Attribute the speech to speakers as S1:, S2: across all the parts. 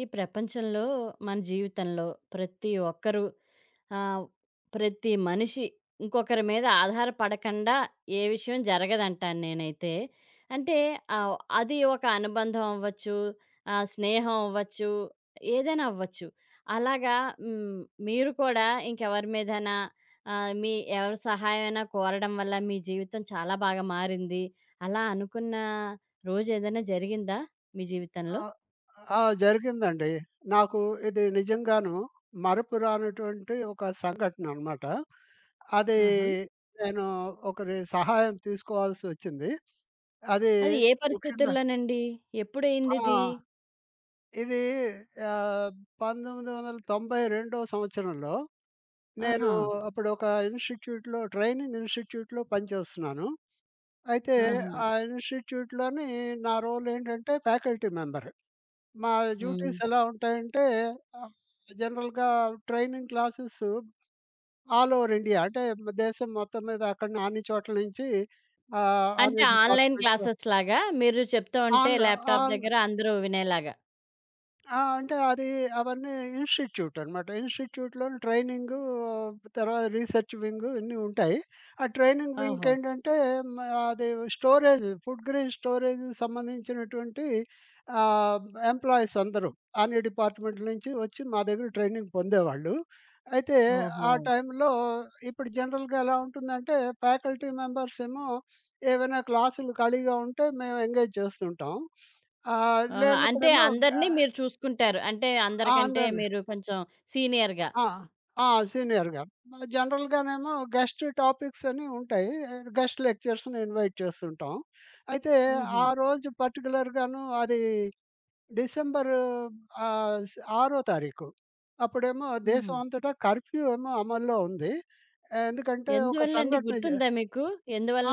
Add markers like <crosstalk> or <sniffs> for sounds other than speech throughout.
S1: ఈ ప్రపంచంలో, మన జీవితంలో, ప్రతి ఒక్కరు ఆహ్, ప్రతి మనిషి ఇంకొకరి మీద ఆధారపడకండా ఏ విషయం జరగదంటాను నేనైతే. అంటే ఆహ్, అది ఒక అనుబంధం అవ్వచ్చు. ఆహ్, స్నేహం అవ్వచ్చు. ఏదైనా అవ్వచ్చు. అలాగా హ్మ్, మీరు కూడా ఇంకెవరి మీదైనా ఆహ్, మీ ఎవరి సహాయమన్నా కోరడం వల్ల మీ జీవితం చాలా బాగా మారింది. అలా అనుకున్న రోజేదైనా జరిగిందా మీ
S2: ఆ!
S1: జీవితంలో?
S2: ఆ! జరిగిందండి. నాకు ఇది నిజంగాను మరుపు రానటువంటి ఒక సంఘటనన్నమాట. అది
S1: ఆహా!
S2: నేను ఒకరి సహాయం తీసుకోవాల్సొచ్చింది. అది
S1: అది ఏ
S2: ముఖ్యంగా
S1: పరిస్థితుల్లోనండి?
S2: ఆ!
S1: ఎప్పుడయిందిది?
S2: ఇది ఆహ్, 1992 సంవత్సరంలో. నేను
S1: ఆహా!
S2: అప్పుడు ఒక ఇన్‌స్టిట్యూట్‌లో ట్రైనింగ్ ఇన్‌స్టిట్యూట్‌లో పనిచేస్తున్నాను. అయితే
S1: ఆహా!
S2: ఆ ఇన్‌స్టిట్యూట్‌లోని నా రోల్ ఏంటంటే, ఫ్యాకల్టీ మెంబర్. మా డ్యూటీస్
S1: హ్మ్.
S2: ఎలా ఉంటాయంటే, ఆహ్, జనరల్‌‌గా training classes all over India అంటే బ్ దేశం మొత్తం మీద అక్కడనే అన్ని చోట్ల నుంచి ఆహ్,
S1: అంటే
S2: అన్ని
S1: ఆన్‌లైన్
S2: డిపార్ట్‌మెంట్‌లో
S1: క్లాసెస్‌లాగా, మీరు చెప్తూంటే
S2: ఆన్‌లో
S1: ల్యాప్‌టాప్
S2: ఆన్
S1: దగ్గర అందరూ వినేలాగా.
S2: ఆ! అంటే అది అవన్నీ ఇన్‌స్టిట్యూట్ అనమాట. ఇన్‌స్టిట్యూట్‌లో ట్రైనింగు, తర్వాత రీసెర్చ్ వింగు ఇవన్నీ ఉంటాయి. ఆ ట్రైనింగ్ వింగ్
S1: ఓహో!
S2: ఏంటంటే, మ్ అది స్టోరేజ్, ఫుడ్ గ్రెన్ స్టోరేజ్‌కి సంబంధించినటువంటి ఆహ్, ఎంప్లాయీస్ అందరూ, అన్ని డిపార్ట్‌మెంట్‌లు నుంచి ఒచ్చి మా దగ్గర ట్రైనింగ్ పొందేవాళ్ళు. అయితే ఆ
S1: ఓహో!
S2: టైంలో, ఇప్పుడు జనరల్‌గా ఎలా ఉంటుందంటే, ఫ్యాకల్టీ మెంబర్స్‌ ఏమో, <sniffs> ఏవైనా క్లాసులు ఖాళీగా ఉంటే, మేం ఎంగేజ్ చేస్తుంటాం. <sniffs> ఆహ్,
S1: ఆ! అంటే
S2: లేనప్పుడేమో
S1: అందరిని
S2: ఆహ్
S1: మీరు చూసుకుంటారు. అంటే
S2: ఆ!
S1: అందరికంటే
S2: అందరిని.
S1: మీరు కొంచెం సీనియర్‌గా.
S2: ఆ! ఆ! సీనియర్‌గా. జనరల్‌గానేమో గెస్ట్ టాపిక్స్ అని ఉంటాయి. గెస్ట్ లెక్చరర్స్‌ని ఇన్‌వైట్ చేస్తుంటాం. అయితే
S1: హుహు.
S2: ఆరోజు పర్టిక్యులర్ గాను అది డిసెంబరు ఆహ్, స్ ఆరో తారీఖు. అప్పుడేమో
S1: హుహు.
S2: దేశమంతటా కర్ఫ్యూ ఏమో అమల్లో ఉంది ఎందుకంటే, ఒక
S1: ఎందువల్లండి
S2: సంఘటన జ
S1: గుర్తుందా మీకు?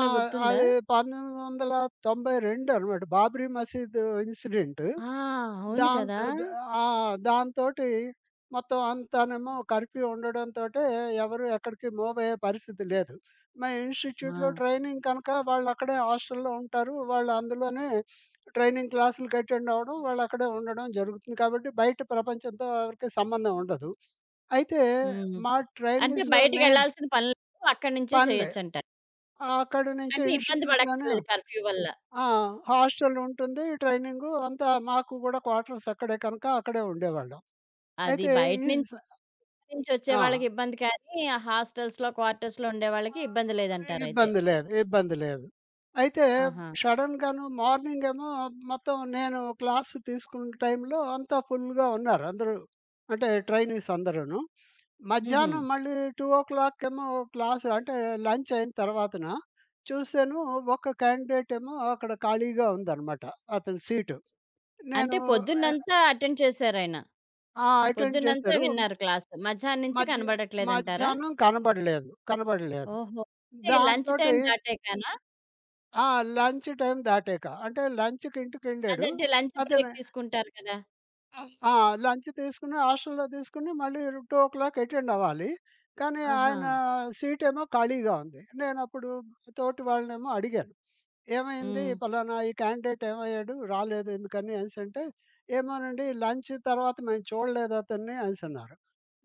S2: ఆ!
S1: గుర్తుందా?
S2: అది 1992 అనమాట బాబ్రీ మసీదు ఇన్సిడెంట్.
S1: ఆ! అవును కదా!
S2: దాంతో ఆ! ఆ! దాంతోటి మొత్తం అంతానేమో కర్ఫ్యూ ఉండడంతోటే, ఎవరు ఎక్కడికి మూవ్ అయ్యే పరిస్థితి లేదు. మా ఇన్‌స్టిట్యూట్‌లో
S1: ఆ!
S2: ట్రైనింగ్ కనుక వాళ్ళు అక్కడే హాస్టల్‌లో ఉంటారు. వాళ్లందులోనే <sniffs> ట్రైనింగ్ క్లాసులుకి అటెండ్ అవ్వడం, వాళ్ళక్కడే ఉండడం జరుగుతుంది కాబట్టి బయట ప్రపంచంతో ఎవరికి సంబంధం ఉండదు. అయితే,
S1: హ్మ్.
S2: మా
S1: అంటే
S2: ట్రైనింగ్స్‌లో నేన్
S1: బయటికెళ్ళాల్సిన పని లేదు అక్కడి నుంచే
S2: పన్లే.
S1: చెయ్యొచ్చంటారు.
S2: ఆహ్, అక్కడి నుంచి
S1: అంటే ఇబ్బంది
S2: ఇన్‌స్టిట్యూట్‌లోనే
S1: బడక్కర్లేదు కర్ఫ్యూ వల్ల.
S2: ఆ! హాస్టల్ ఉంటుంది. ట్రైనింగు అంతా మాకు కూడా క్వార్టర్స్ అక్కడే కనుక అక్కడే ఉండేవాళ్ళం.
S1: అది
S2: అయితే
S1: బయట
S2: ఈ
S1: నుంచి
S2: స
S1: నుంచొచ్చే
S2: ఆ!
S1: వాళ్ళకిబ్బంది కానీ, ఆ హాస్టల్స్‌లో క్వార్టర్స్‌లో ఉండేవాళ్ళకి ఇబ్బంది
S2: ఆహ్,
S1: లేదంటారయితే.
S2: ఇబ్బంది లేదు. ఇబ్బంది లేదు. అయితే,
S1: ఆహా!
S2: షడెన్‌గాను మార్నింగ్ ఏమో మొత్తం నేను క్లాస్ తీసుకున్న టైంలో అంతా ఫుల్‌గా ఉన్నారు. అందరూ అంటే ట్రైనీస్ అందరూను. <sniffs>
S1: హుహు.
S2: మధ్యాహ్నం మళ్ళీ 2:00 ఏమో క్లాస్ అంటే లంచ్ అయిన తర్వాతన చూసాను ఒక క్యాండిడేట్ ఏమో అక్కడ ఖాళీగా ఉందనమాట. అతని సీటు. నేను
S1: అంటే
S2: ఆహ్
S1: పొద్దునంతా అటెండ్ చేసారయన.
S2: ఆ! అటెండ్
S1: పొద్దునంతా
S2: చేశారు.
S1: విన్నారు క్లాస్ మధ్యాహ్నం నుంచి
S2: మధ్య
S1: కనపడట్లేదంటారా?
S2: మధ్యాహ్నం కనపడలేదు కనపడలేదు.
S1: ఓహో! అంటే లంచ్
S2: దాంతోటి
S1: టైమ్ దాటాకనా?
S2: ఆ! లంచ్ టైమ్ దాటాక. అంటే లంచ్‌కింటికెళ్ళాడు
S1: అదంటే లంచ్ బ్రేక్
S2: అతనె
S1: తీసుకుంటారు కదా!
S2: ఆహ్, ఆ! లంచ్ తీసుకొని హాస్టల్లో తీసుకొని మళ్ళీ 2:00 అటెండవ్వాలి. కానీ ఆయన
S1: ఆహా!
S2: సీటేమో ఖాళీగా ఉంది. నేనప్పుడు తోటి వాళ్ళనేమో అడిగాను. <sniffs> ఏమైంది,
S1: హ్మ్.
S2: ఫలానా ఈ కాండిడేటేమయ్యాడు రాలేదెందుకని అనేసి అంటే ఏమోనండి లంచ్ తర్వాత మేము చూడలేదతన్ని అనేసి అన్నారు.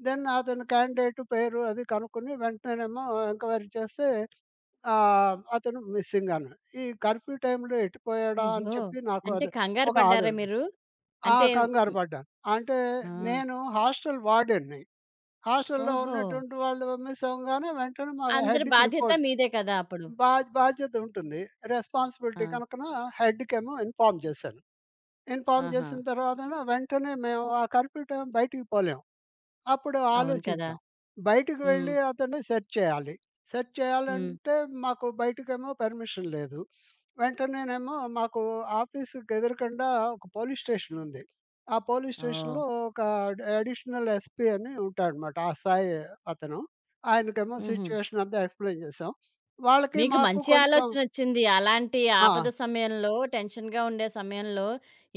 S2: దెన్ అతను కాండిడేటు పేరు అది కనుక్కొని వెంటనేనేమో ఎంక్వైరీ చేస్తే, ఆహ్, అతను మిస్సింగన్నాడు. ఈ కర్ఫ్యూ టైమ్‌లో ఎటుపోయాడా అని
S1: అయ్యో!
S2: చెప్పి నాకు
S1: అంటే
S2: అది
S1: కంగారు
S2: ఒక
S1: పడ్డారా
S2: ఆందోళన
S1: మీరు?
S2: ఆ!
S1: అంటే హ్మ్.
S2: కంగారుపడ్డాను. అంటే
S1: ఆ!
S2: నేను హాస్టల్ వార్దెన్ని. హాస్టల్లో
S1: ఓహో!
S2: ఉన్నటువంటి వాళ్ళు మిస్సవ్వంగానే వెంటనే, మా
S1: అందరి
S2: హెడ్‌కి
S1: బాధ్యత
S2: రిపోర్ట్
S1: మీదే కదా! అప్పుడు.
S2: బా బాధ్యతుంటుంది. రెస్పాన్సిబిలిటీ
S1: ఆ!
S2: కనుకన హెడ్‌కేమో ఇన్‌ఫార్మ్ జేశాను. ఇన్‌ఫార్మ్
S1: ఆహా!
S2: జేసిన తర్వాతన వెంటనే మేము ఆ కర్ఫ్యూ టైమ్ బయటికి పోలేము. అప్పుడు
S1: అవును. కదా!
S2: ఆలోచించాం. బయటికు
S1: హ్మ్.
S2: వెళ్లి అతన్ని సెర్చ్ చేయాలి. సెర్చ్
S1: హ్మ్.
S2: చేయాలంటే, మాకు బయటకేమో పర్మిషన్ లేదు. <sniffs> వెంటనేనేమో మాకు ఆఫీస్‌‌కెదుకుండా ఒక పోలీస్ స్టేషన్ ఉంది. ఆ పోలీస్ స్టేషన్‌లో
S1: ఓహ్!
S2: ఒక అడ్ అడిషనల్ ఎస్పీ అని ఉంటాడమాట ఆ సాయి అతను. ఆయనకేమో
S1: హుహు.
S2: సిచ్యువేషనంతా ఎక్స్‌ప్లెయిన్ జేశాం. వాళ్ళకి
S1: మీకు
S2: మాకు
S1: మంచి
S2: కొంచెం
S1: ఆలోచనొచ్చింది. అలాంటి ఆపద
S2: ఆ!
S1: సమయంలో, టెన్షన్‌గా ఉండే సమయంలో,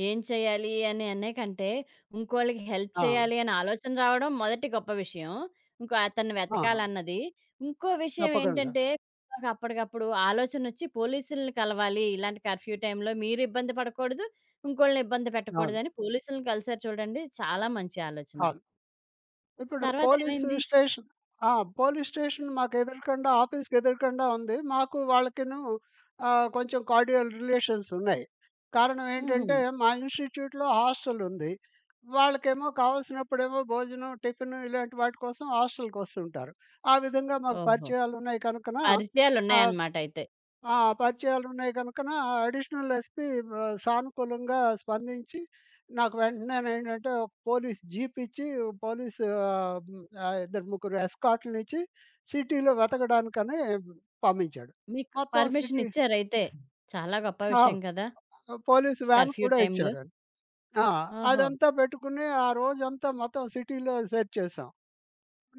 S1: ఏం చేయాలి అనే అనేకంటే ఇంకోళ్ళకి హెల్ప్
S2: ఆ!
S1: చేయాలి అనే ఆలోచన రావడం మొదటి గొప్ప విషయం. ఇంకో అతన్ని
S2: ఆ!
S1: వెతకాలన్నది. ఇంకో
S2: తప్పకుండా.
S1: విషయమేంటంటే, అప్పడికప్పుడు ఆలోచనొచ్చి పోలీసులని కలవాలి ఇలాంటి కర్ఫ్యూ టైమ్‌లో మీరు ఇబ్బంది పడకూడదు, ఇంకోళ్ళని ఇబ్బంది
S2: అవును.
S1: పెట్టకూడదని పోలీసులని కలిసారు చూడండి చాలా మంచి ఆలోచన.
S2: కాదు. ఇప్పుడు
S1: తర్వాతేమైంది?
S2: పోలీసు‌స్టేషన్ ఆ! పోలీస్‌ స్టేషన్ మాకెదురుగుండా ఆఫీస్‌కెదురుగండా ఉంది. మాకు వాళ్ళకిను ఆహ్, కొంచెం కార్డియల్ రిలేషన్సున్నాయి. కారణం ఏంటంటే,
S1: హుహు.
S2: మా ఇన్సి‌‌టిట్యూట్‌లో హాస్టలుంది. వాళ్ళకేమో కావాల్సినప్పుడేమో భోజనం, టిఫిను ఇలాంటి వాటి కోసం హాస్టకొస్తుంటారు. ఆ విధంగా మాకు
S1: ఓహో!
S2: పరిచయాలున్నాయి కనుకన ఆహ్,
S1: పరిచయాలున్నాయనమాట అయితే.
S2: ఆ! పరిచయాలున్నాయి గనుకనా అడిషనల్ ఎస్పీ బ సానుకూలంగా స్పందించి నాకు వెంటనేంటంటే ఒక పోలీస్ జీపిచ్చి, పోలీసు ఆహ్, ఆహ్, ఇద్దరు ముగ్గురు ఎస్కార్ట్‌లనిచ్చి సిటీలో వెతకడానికనీ పంపించాడు.
S1: మీకు
S2: మొత్తం సిటీ
S1: పర్మిషనిచ్చారైతే చాలా గొప్ప
S2: ఆవ్
S1: విషయం కదా!
S2: పోలీసు వ్యాన్
S1: కర్ఫ్యూ
S2: కూడా
S1: టైమ్‌లో.
S2: ఇచ్చాడని. ఆ!
S1: ఓహో!
S2: అదంతా పెట్టుకుని, ఆ రోజంతా మొత్తం సిటీలో సెర్చ్ చేసాం.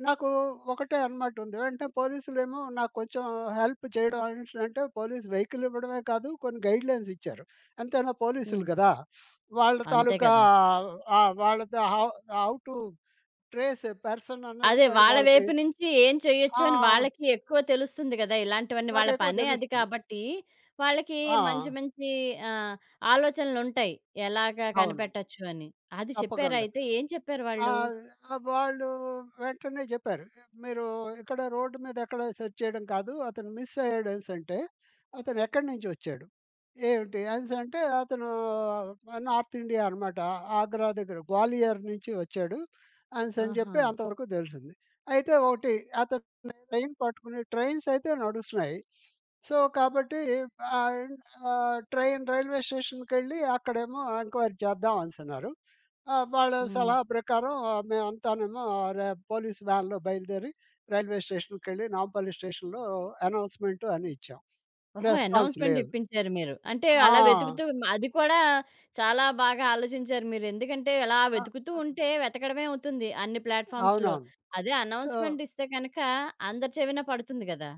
S2: నాకు ఒకటే అనమాటుంది. అంటే పోలీసులేమో నాకు కొంచెం హెల్ప్ చేయడం అనేసి అంటే పోలీస్ వెయికల్ ఇవ్వడమే కాదు కొన్ని గైడ్లైన్స్‌‌లిచ్చారు. ఎంతైనా పోలీసులు
S1: హ్మ్.
S2: కదా! <sniffs> వాళ్ళ
S1: అంతే
S2: తాలూకా
S1: కదా!
S2: ఆహ్, వాళ్ళతో how how to trace a person అన్నది
S1: అదే.
S2: అది
S1: వాళ్ళ
S2: వాళ్ళకి
S1: వైపు నుంచి ఏం చేయొచ్చు అని
S2: ఆహ్
S1: వాళ్ళకి ఎక్కువ తెలుస్తుంది గదా! ఇలాంటివన్నీ వాళ్ళ
S2: వాళ్లకెక్కువ
S1: పనే అది
S2: తెలుస్తది.
S1: కాబట్టి, వాళ్ళకి మంచి
S2: ఆ!
S1: మంచి ఆహ్, ఆలోచనలుంటాయి ఎలాగా
S2: అవును.
S1: కనిపెట్టొచ్చు అని. అది
S2: తప్పకుండా.
S1: చెప్పారైతే ఏం చెప్పారు వాళ్ళు?
S2: ఆహ్, వాళ్ళు వెంటనే జెప్పారు. మీరు ఇక్కడ రోడ్డు మీద ఎక్కడ సెర్చ్ చేయడం కాదు. అతను మిసయ్యాడు అనేసంటే, అతనెక్కడి నుంచి ఒచ్చాడు, ఏవిటి, అనెసంటే అతను నార్తిండియ అనమాట. ఆగ్రా దగ్గర గ్వాలియర్ నుంచి ఒచ్చాడు. ఆనేసి అని జెప్పి
S1: ఆహా!
S2: అంతవరకు దెలిసింది. అయితే ఓటి అతను ట్రైన్ పట్టుకుని ట్రైన్సైతే నడుస్తున్నాయి. <sniffs> సో, కాబట్టి ఆహ్, ఆహ్, ట్రైన్ రైల్వే స్టేషన్‌కెళ్లి అక్కడేమో ఎంక్వైరీ చేద్దాం అనేసన్నారు. ఆ! వాళ్ళ
S1: హ్మ్.
S2: సలహా ప్రకారం ఆహ్, మేమంతానేమో అరే! పోలీస్ వ్యాన్‌లో బయలుదేరి రైల్వే స్టేషన్‌కెళ్లి నాంపల్లి స్టేషనులో అనౌన్స్‌మెంట్ అని ఇచ్చాం.
S1: ఓహో!
S2: రెస్పాన్స్
S1: అనౌన్స్‌మెంట్
S2: లేదు.
S1: ఇప్పించారు మీరు. అంటే
S2: ఆ!
S1: అలా వెతుకుతూ అది కూడా చాలా బాగా ఆలోచించారు మీరు. ఎందుకంటే, అలా
S2: ఆ! అది.
S1: వెతుకుతూంటే వెతకడమే అవుతుంది. అన్ని ప్లాట్‌ఫార్మ్స్‌లో.
S2: అవునవును.
S1: అదే
S2: తో
S1: అనౌన్స్‌మెంటిస్తే గనుక అందరి చెవిన పడుతుంది గదా!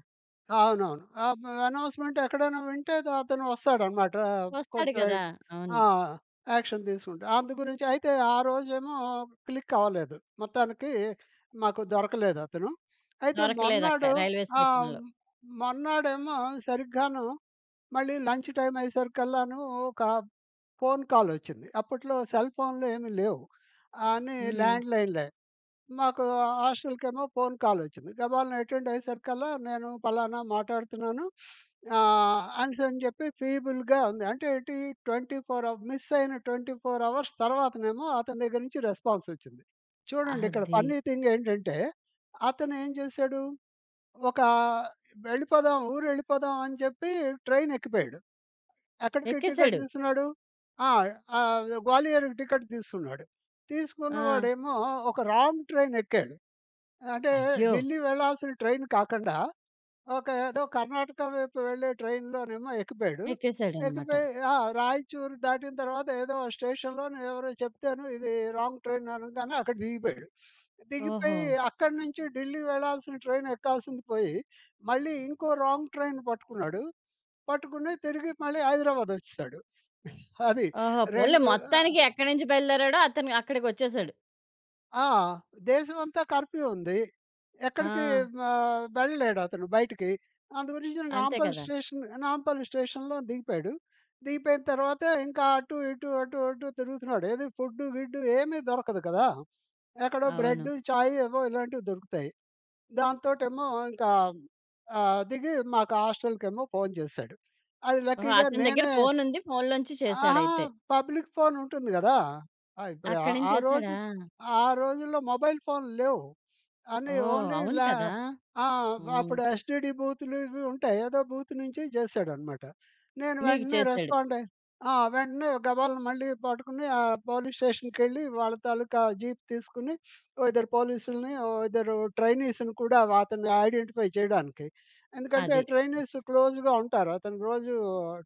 S2: అవునవును. ఆబ్ అనౌన్స్‌మెంట్ ఎక్కడైనా వింటే ద అతను వస్తాడనమాట ఆహ్,
S1: వస్తాడు
S2: కొంచెం
S1: గదా! అవును.
S2: ఆ! యాక్షన్ తీసుకుంటాటే. అందు గురించి అయితే ఆ రోజేమో క్లిక్ అవ్వలేదు. మొత్తానికి మాకు దొరకలేదు అతను. అయితే
S1: దొరకలేదు అక్కడ
S2: మర్నాడు
S1: రైల్వే
S2: ఆ!
S1: స్టేషన్‌లో.
S2: మొరనాడెమో సరిగ్గాను, మళ్ళీ లంచ్ టైమ్ అయ్యేసరికల్లాను, ఒక ఫోను కాలొచ్చింది. అప్పట్లో సెల్ ఫోనులు ఏమి లేవు అని
S1: హ్మ్.
S2: ల్యాండ్‌లైన్‌లే. మాకు హాస్టల్‌కేమో ఫోన్ కాలొచ్చింది. గబాల్న అటెండ్ అయ్యేసరికల్లా, నేను పలానా మాట్లాడుతున్నాను. <sniffs> ఆహ్, అనేసనీ చెప్పి ఫీబుల్‌గా ఉంది. అంటే ఏంటి, 24 అవ మిస్ అయిన 24 అవర్స్ తర్వాతనేమో అతని దగ్గర నుంచి రెస్పాన్సొచ్చింది చూడండి ఇక్కడ
S1: అది.
S2: ఫన్నీ థింగ్ ఏంటంటే, అతను ఏం జేసాడు, ఒకా వెళ్ళిపోదాం ఊరు ఎళ్ళిపోదాం అని జెప్పి ట్రైన్ ఎక్కిపోయాడు. ఎక్కడికి టికెట్
S1: ఎక్కేసాడు.
S2: తీసుకున్నాడు. ఆ! ఆ గ్వాలియర్‌కి టికెట్ తీసుకున్నాడు. తీసుకున్న
S1: ఆ!
S2: వాడేమో ఒక రాంగ్ ట్రైన్ ఎక్కాడు. అంటే
S1: అయ్యో!
S2: ఢిల్లీ వెళ్ళాల్సిన ట్రైన్ కాకండా, ఒక ఏదో కర్ణాటక వైపు వెళ్ళే ట్రైన్‌లొనేమో ఎక్కిపోయాడు.
S1: ఎక్కేసాడన్నమాట.
S2: ఎక్కిపోయి ఆ! రాయచూరు దాటిన తర్వాత ఏదో స్టేషన్‌లోనో ఎవరో చెప్తేనో ఇది రాంగ్ ట్రైన్ అనగానే అక్కడ దిగిపోయాడు. <sniffs>
S1: ఓహో!
S2: దిగిపోయి అక్కడి నుంచి ఢిల్లీ వెళ్ళాల్సిన ట్రైన్ ఎక్కాల్సింది పోయి మళ్ళీ ఇంకో రాంగ్ ట్రైన్ బట్టుకున్నాడు. పట్టుకుని తిరిగి మళ్ళీ హైదరాబాద్ ఒచ్చేసాడు అది
S1: ఓహో! పోన్లే
S2: 2 ఆహ్
S1: మొత్తానికి ఎక్కడి నుంచి బయలుదేరాడో అతను
S2: ఆ
S1: అక్కడికొచ్చేసాడు.
S2: ఆ! దేశమంతా కర్ఫ్యూ ఉంది. ఎక్కడికి
S1: ఆ!
S2: ఆహ్, వెళ్ళలేడు అతను బయటికి. అందు గురించి
S1: అంతే
S2: నాంపల్లి
S1: కదా!
S2: స్టేషన్, నాంపల్లి స్టేషన్‌లో దిగిపోయాడు దిగిపోయిన తర్వాతే ఇంకా అటు ఇటు అటు అటు తిరుగుతున్నాడు. ఏది, ఫుడ్డు, గిడ్డు ఏమి దొరకదు గదా! ఎక్కడో
S1: అవును.
S2: బ్రెడ్డు చాయ్ ఏవో ఇలాంటివి దొరుకుతాయి. దాంతోటేమో ఇంకా ఆహ్, దిగి మాకు హాస్టల్‌కేమో ఫోను చేశాడు. అది
S1: ఓహో!
S2: లక్కీగా
S1: అతని దగ్గర
S2: నేనే
S1: ఫోను ఉంది ఫోనులో నుంచి
S2: అహా!
S1: చేసాడయితే.
S2: పబ్లిక్ ఫోన్ ఉంటుంది గదా! ఆ ఇప్
S1: అక్కడి
S2: ఆ రోజు
S1: నుంచేశాడా?
S2: ఆ ఆ రోజుల్లో మొబైల్ ఫోనులు లేవు. <sniffs> అన్ని
S1: ఓహ్!
S2: ఓన్లీ
S1: అవును
S2: ల్యా
S1: కదా!
S2: ఆ!
S1: హ్మ్.
S2: అప్పుడు ఎస్టీడీ బూతులు ఇవి ఉంటాయి. ఏదో బూత్ నుంచి జేశాడన్నమాట. నేను
S1: మీకు
S2: వెంటనే
S1: చేసాడు.
S2: రెస్పాండ్ అయ్యి, ఆ! వెంటనే గబాల్న మళ్ళీ పట్టుకుని, ఆ పోలీస్ స్టేషన్‌కెళ్ళి వాళ్ళ తాలూకా జీప్ తీసుకొని <sniffs> ఓ ఇద్దరు పోలీసుల్‌ని, ఓ ఇద్దరు ట్రైనీస్‌ని కూడా అతన్ని ఐడెంటిఫై చేయడానికి ఎందుకంటే,
S1: అది.
S2: ట్రైనీస్ క్లోజ్‌గా ఉంటారు అతను రోజు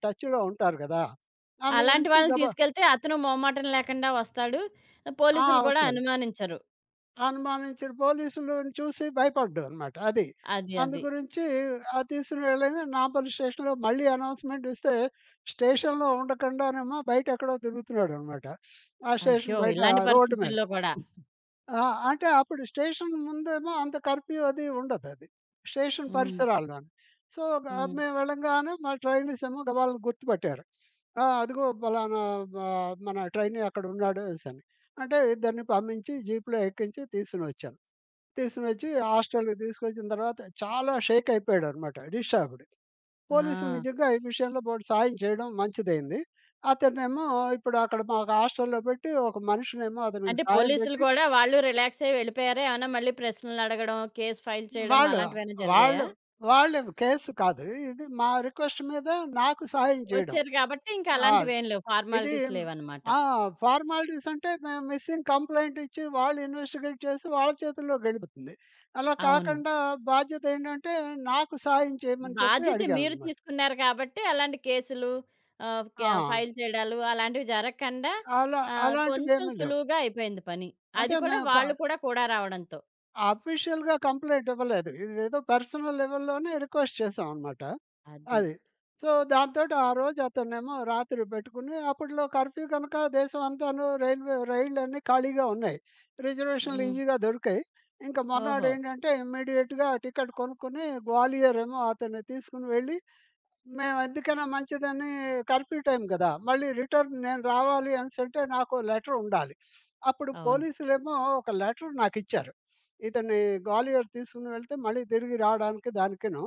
S2: టచ్‌లో ఉంటారు గదా! అందు
S1: అలాంటి
S2: గురించి
S1: వాళ్ళని
S2: గబా
S1: తీసుకెళ్తే అతను మొహమాటం లేకుండా వస్తాడు.
S2: ఆ!
S1: పోలీసులు కూడా
S2: ఒస్తాడు.
S1: అనుమానించరు.
S2: అనుమానించిన పోలీసులు‌ను చూసి భయపడ్డనమాట అది.
S1: అది. అది.
S2: అందుగురించి ఆహ్, తీసుకొని వెళ్ళగా నాంపల్లి స్టేషన్‌లో మళ్ళీ అనౌన్స్‌మెంట్ ఇస్తే స్టేషన్‌లో ఉండకుండానేమో బయట ఎక్కడో తిరుగుతున్నాడన్నమాట. ఆ
S1: అయ్యో!
S2: స్టేషన్ బయట
S1: ఇలాంటి
S2: రోడ్డు మీద.
S1: పరిస్థితుల్లో గూడా
S2: ఆ! అంటే అప్పుడు స్టేషన్ ముందేమో అంత కర్ఫ్యూ అది ఉండదది స్టేషన్
S1: హ్మ్.
S2: పరిసరాలులో‌న్ని. సో, గా
S1: హ్మ్.
S2: మేము వెళ్ళంగానే మా ట్రైనీసేమో గబాలను గుర్తుపట్టారు. ఆహ్, అదిగో పలానా మా మన ట్రైనీ అక్కడున్నాడనిసన్ని. అంటే ఇద్దరిని పంపించి జీప్‌లో ఎక్కించి తీసుని ఒచ్చాము. తీసుకొనోచ్చి, హాస్టల్‌కి తీసుకొచ్చిన తర్వాత చాలా షేక్ అయిపోయాడనమాట డిస్టబ్డ్‌కి. పోలీసులు
S1: ఆ!
S2: నిజంగా ఈ విషయంలో బోలుడు సాయం చేయడం మంచిదైంది. అతన్నేమో ఇప్పుడు అక్కడ మాకు హాస్టలులో పెట్టి ఒక మనిషినేమో అతనికి
S1: అంటే
S2: సాయం
S1: పోలీసులు
S2: బెట్టి
S1: కూడా వాళ్ళు రిలాక్స్ అయ్యి వెళ్ళిపోయారా ఏమన్నా మళ్ళి ప్రశ్నలు అడగడం, కేస్ ఫైల్ చేయడం
S2: వాళ్ళు
S1: అలాంటివి ఏమైనా జరిగాయా?
S2: వాళ్ళు వాళ్ళు కేస్ కాదు. ఇది మా రిక్వెస్ట్ మీద నాకు సహాయం చేయడం.
S1: వచ్చారు గాబట్టి ఇంక
S2: ఆ!
S1: అలాంటివేం లేవు.
S2: ఇది
S1: ఫార్మాలిటీస్ లేవన్నమాట.
S2: ఆ! ఫార్మాలిటీస్ అంటే, మేం మిసింగ్ కంప్లెయింట్ ఇచ్చి వాళ్ళు ఇన్వెస్టిగేట్ చేసి వాళ్ళ చేతుల్లోకెలిపోతుంది. అలా
S1: అవును.
S2: కాకుండా బాధ్యత ఏంటంటే, నాకు సహాయం చేయమని చెప్పి
S1: బాధ్యత మీరు
S2: అడిగానన్నమాట.
S1: తీసుకున్నారు గాబట్టి, అలాంటి కేసులు ఆహ్, కే
S2: ఆ!
S1: ఫైల్ చేయడాలు అలాంటివి జరగకండా
S2: అలా
S1: ఆహ్,
S2: అలాంటివి
S1: కొంచెం
S2: ఏమి లేవు.
S1: సులువుగా అయిపోయింది పని. అది
S2: అంటే
S1: కూడా
S2: మేము ప
S1: వాళ్ళు కూడా కూడా రావడంతో.
S2: ఆఫీషియల్‌గా కంప్లెయింట్ ఇవ్వలేదు. ఇదేదో పర్సనల్ లెవెల్‌లోనే రిక్వెస్ట్ చేశామనమాట.
S1: అది.
S2: అది. సో, దాంతోటి ఆ రోజు అతన్నేమో రాత్రి బెట్టుకుని అప్పట్లో కర్ఫ్యూ గనక దేశమంతాను రైల్వే రైళ్లన్నీ ఖాళీగా ఉన్నాయి. రిజర్వేషనులు
S1: హ్మ్.
S2: ఈజీగా దొరికాయి. ఇంక
S1: ఓహో!
S2: మర్నాడేంటంటే ఇమ్మీడియేట్‌గా టికెట్ కొనుక్కొని గ్వాలియరేమో అతన్ని తీసుకొని వెళ్ళి, మేము ఎందుకైనా మంచిదని కర్ఫ్యూ టైం గదా! మళ్ళీ రిటర్న్ నేను రావాలి అనెసంటే నాకో లెటరుండాలి. అప్పుడు
S1: అవును.
S2: పోలీసులేమో ఒక లెటర్ నాకి‌చ్చారు. ఇతని గ్వాలియర్ తీసుకుని వెళితే మళ్ళీ తిరిగి రాడానికి దానికిను.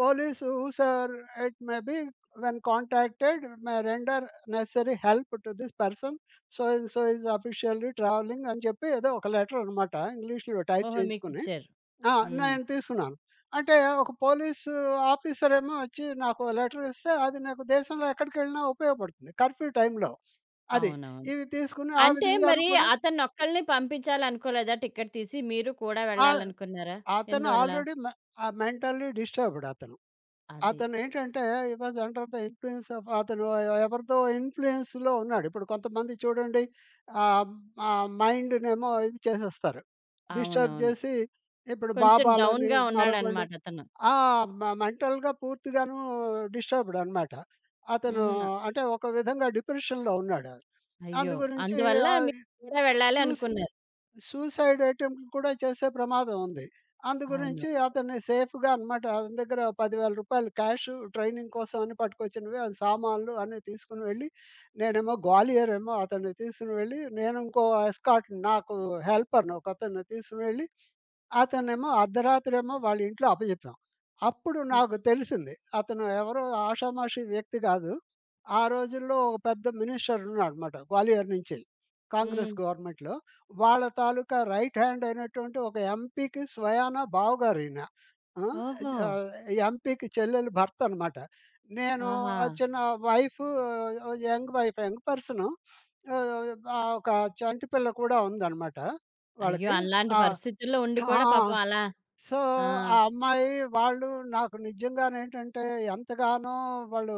S2: Police sir it maybe when contacted may render necessary help to this person so, and so is officially travelling అని చెప్పి ఏదో ఒక లెటరనమాట ఇంగ్లీష్‌లో టైప్
S1: ఓహో!
S2: చేయించుకొని.
S1: మీకిచ్చారు.
S2: ఆ!
S1: హ్మ్.
S2: నేను తీసుకున్నాను. అంటే ఒక పోలీసాఫీసరేమో ఒచ్చి నాకో లెటర్ ఇస్తే అది నాకు దేశంలో ఎక్కడికెళ్ళినా ఉపయోగపడుతుంది. కర్‌ఫ్యూ టైంలో. అది.
S1: అవునవును.
S2: ఇవి తీసుకొని ఆ
S1: అంటే
S2: విధంగాను
S1: మరి
S2: కూడా
S1: అతనొక్కలినే పంపించాలనుకోలేదా టికెట్ తీసి మీరు కూడా
S2: ఆ!
S1: వెళ్ళాలనుకున్నారా?
S2: అతను
S1: ఎందువల్ల?
S2: ఆల్రెడీ మె ఆహ్, మెంటల్లి డిస్టర్బ్‌డ్ అతను.
S1: అది.
S2: అతనేంటంటే, he was under the influence of అతను ఎవరిదో ఇన్‌ఫ్లు‌యెన్స్‌లో ఉన్నాడు. ఇప్పుడు కొంతమంది చూడండి ఆహ్, ఆహ్, మైండ్‌నేమో ఇది చేసేస్తారు. డిస్టర్బ్
S1: అవునవును.
S2: జేసి, ఇప్పుడు
S1: కొంచెం
S2: బాబాలని
S1: డౌన్‌గా
S2: మరొకళ్ళు
S1: ఉన్నాడన్నమాట అతను.
S2: ఆ! మె మెంటల్‌గా పూర్తిగాను డిస్టర్బ్‌డ్ అనమాట అతను.
S1: హుహు. నా
S2: అంటే ఒక విధంగా డిప్రెషన్‌లో ఉన్నాడు.
S1: అయ్యో!
S2: అందుగురించి
S1: అందువల్ల
S2: ఆహ్,
S1: మీరు
S2: ఇ
S1: కూడా వెళ్ళాలి
S2: చూసి
S1: అనుకున్నారు.
S2: సూసైడ్ అటెంప్ట్ కూడా చేసే ప్రమాదం ఉంది. అందుగురించి
S1: అవును.
S2: అతని సేఫ్‌గా అనమాట. అతని దగ్గర రూ. 10000 క్యాష్ ట్రైనింగ్ కోసం అని పట్టుకొచ్చినవి సామానులు అన్ని, తీసుకొని వెళ్లి, నేనేమో గ్వాలియరేమో అతన్ని తీసుకుని వెళ్లి నేను ఇంకో ఎస్కార్ట్ నాకు హెల్పర్‌ని ఒక అతన్ని తీసుకొని వెళ్లి, అతనేమో అర్ధరాత్రి ఏమో వాళ్ళ ఇంట్లో అప్పజెప్పాం. అప్పుడు
S1: హ్మ్.
S2: నాకు తెలిసింది. అతను ఎవరో ఆషామాషీ వ్యక్తి గాదు. ఆ రోజుల్లో ఒక పెద్ద మినిస్టర్ ఉన్నాడన్నమాట గ్వాలియర్ నుంచె, కాంగ్రెస్
S1: హ్మ్.
S2: గవర్నమెంట్‌లో. వాళ్ళ తాలూకా రైట్‌హ్యాండ్ అయినటువంటి ఒక ఎంపీ‌కి స్వయానా బావగారు ఈయన. ఆ!
S1: ఓహో!
S2: ఆహ్, ఎంపీ‌కి చెల్లెలు భర్తన్నమాట. నేను
S1: ఆహా!
S2: ఆ చిన్న wife young wife young person <sniffs> ఆహ్, ఆ ఒక చంటి పిల్ల కూడా ఉందన్నమాట
S1: అయ్యో!
S2: వాళ్ళకి.
S1: అలాంటి
S2: ఆ!
S1: పరిస్థితుల్లో ఉండి
S2: ఆ!
S1: కూడా పాపం అలా
S2: సో,
S1: ఆ!
S2: ఆ అమ్మాయి వాళ్ళు నాకు నిజంగానేంటంటే ఎంతగానో వాళ్ళు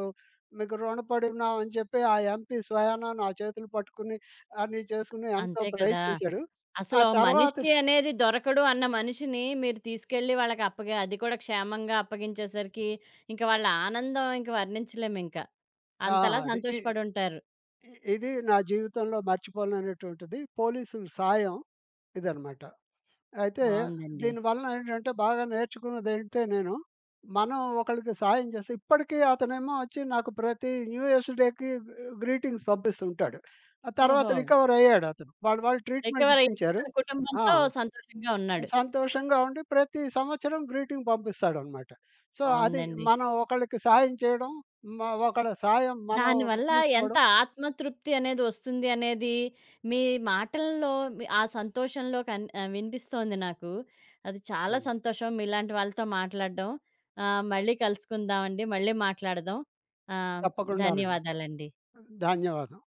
S2: మీకు రుణపడి ఉన్నామని జెప్పి, ఆ ఎంపీ స్వయానా నా చేతులు పట్టుకొని అన్ని చేసుకొని ఎంతో
S1: అంతే
S2: ప్రైజ్
S1: కదా!
S2: చేసాడు. ఆ
S1: అసలు
S2: తర్వాత
S1: మనిషి అనేది దొరకడు అన్న మనిషిని మీరు తీసుకెళ్ళి వాళ్ళకప్పగ అది కూడా క్షేమంగా అప్పగించేసరికి ఇంక వాళ్ళ ఆనందం ఇంక వర్ణించలేమింకా.
S2: ఆ!
S1: అంతలా
S2: అది. ఇ
S1: సంతోషపడుంటారు.
S2: ఇది నా జీవితంలో మర్చిపోలేనటువంటిది. పోలీసులు సాయం ఇదనమాట. అయితే
S1: బావుందండి.
S2: దీని వలన ఏంటంటే, బాగా నేర్చుకున్నదేంటే, నేను మనం ఒకళ్ళకి సాయం జేసే ఇప్పటికి అతనేమో ఒచ్చి నాకు ప్రతి న్యూ ఇయర్స్ డే‌కి గ్రీటింగ్స్ పంపిస్తూంటాడు. ఆ తర్వాత
S1: ఓహో!
S2: రికవర్ అయ్యాడతను. వాళ్ళు వాళ్ళు ట్రీట్‌మెంట్
S1: రికవరయి
S2: ఇప్పించారు.
S1: తన
S2: ఆ!
S1: కుటుంబంతో సంతోషంగా ఉన్నాడు.
S2: సంతోషంగా ఉండి ప్రతి సంవత్సరం గ్రీటింగ్ పంపిస్తాడన్నమాట. సో, అది
S1: బావుందండి.
S2: మనం ఒకళ్ళకి సాయం చేయడం, ఒకళ్ళ సాయం మనం
S1: దాని వల్ల ఎంత
S2: తీసుకోవడం.
S1: ఆత్మ తృప్తి అనేది ఒస్తుంది అనేది మీ మాటల్లో, ఆ సంతోషంలో కన్ ఆ వినిపిస్తొంది నాకు. అది చాలా
S2: హ్మ్.
S1: సంతోషం. మీలాంటి వాళ్ళతో మాట్లాడడం. ఆహ్, మళ్ళీ కలుసుకుందాం అండి. మళ్ళీ మాట్లాడదాం. ఆహ్,
S2: తప్పకుండానండి.
S1: ధన్యవాదాలండి.
S2: ధన్యవాదం.